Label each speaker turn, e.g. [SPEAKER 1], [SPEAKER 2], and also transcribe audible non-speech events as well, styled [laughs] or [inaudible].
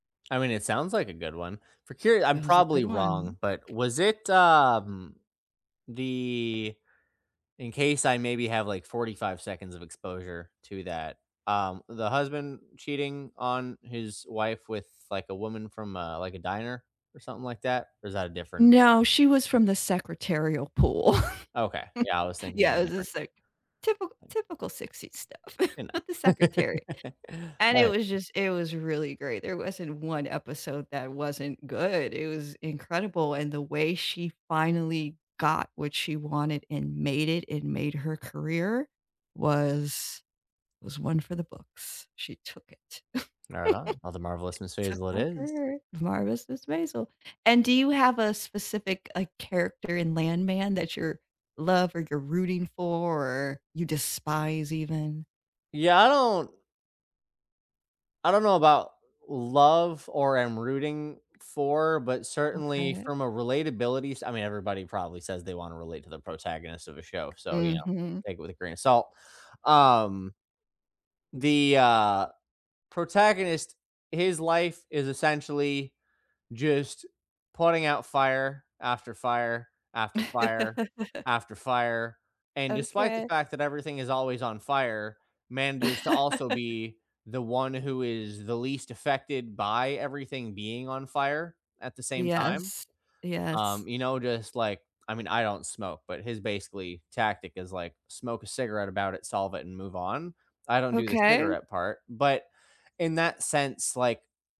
[SPEAKER 1] I mean, it sounds like a good one. For curi I'm
[SPEAKER 2] It was a good
[SPEAKER 1] probably
[SPEAKER 2] one.
[SPEAKER 1] wrong, but was it, um, the in case I maybe have, like, 45 seconds of exposure to that, um, the husband cheating on his wife with, like, a woman from a, like, a diner or something like that? Or is that a different
[SPEAKER 2] No, she was from the secretarial pool.
[SPEAKER 1] Okay. Yeah, I
[SPEAKER 2] [chuckles]
[SPEAKER 1] was thinking of a
[SPEAKER 2] Yeah, it was a
[SPEAKER 1] different
[SPEAKER 2] sec typical
[SPEAKER 1] thing.
[SPEAKER 2] typical '60s stuff
[SPEAKER 1] You
[SPEAKER 2] with the
[SPEAKER 1] know.
[SPEAKER 2] secretary.
[SPEAKER 1] [laughs]
[SPEAKER 2] And it
[SPEAKER 1] Okay.
[SPEAKER 2] was just it was really great there wasn't 1 episode that wasn't good. It was incredible, and the way she finally got what she wanted and made it, and made her career was was one for the books. She took it.
[SPEAKER 1] Right on. Oh, the Marvelous
[SPEAKER 2] [chuckles]
[SPEAKER 1] Miss
[SPEAKER 2] She took
[SPEAKER 1] Maisel it
[SPEAKER 2] back
[SPEAKER 1] is.
[SPEAKER 2] her Marvelous Mrs. Maisel. And do you have a specific, like, character in Landman that you're love or you're rooting for, or you despise even?
[SPEAKER 1] Yeah, I don't I don't know about love or am rooting for, but certainly
[SPEAKER 2] Okay.
[SPEAKER 1] from a relatability s I mean, everybody probably says they wanna relate to the protagonist of a show, so, you know,
[SPEAKER 2] Mhm.
[SPEAKER 1] take it with a grain of salt. Um, the, uh, protagonist, his life is essentially just putting out fire, after fire, after fire,
[SPEAKER 2] [laughs]
[SPEAKER 1] after fire, and despite the
[SPEAKER 2] Okay.
[SPEAKER 1] fact that everything is always on fire, manages to also
[SPEAKER 2] [chuckles]
[SPEAKER 1] be the one who is the least affected by everything being on fire at the same time.
[SPEAKER 2] Yes. Yes.
[SPEAKER 1] Um, you know, just, like I mean, I don't smoke, but his basically tactic is, like, smoke a cigarette about it, solve it, and move on. I don't do the
[SPEAKER 2] Okay.
[SPEAKER 1] cigarette part, but in that sense, like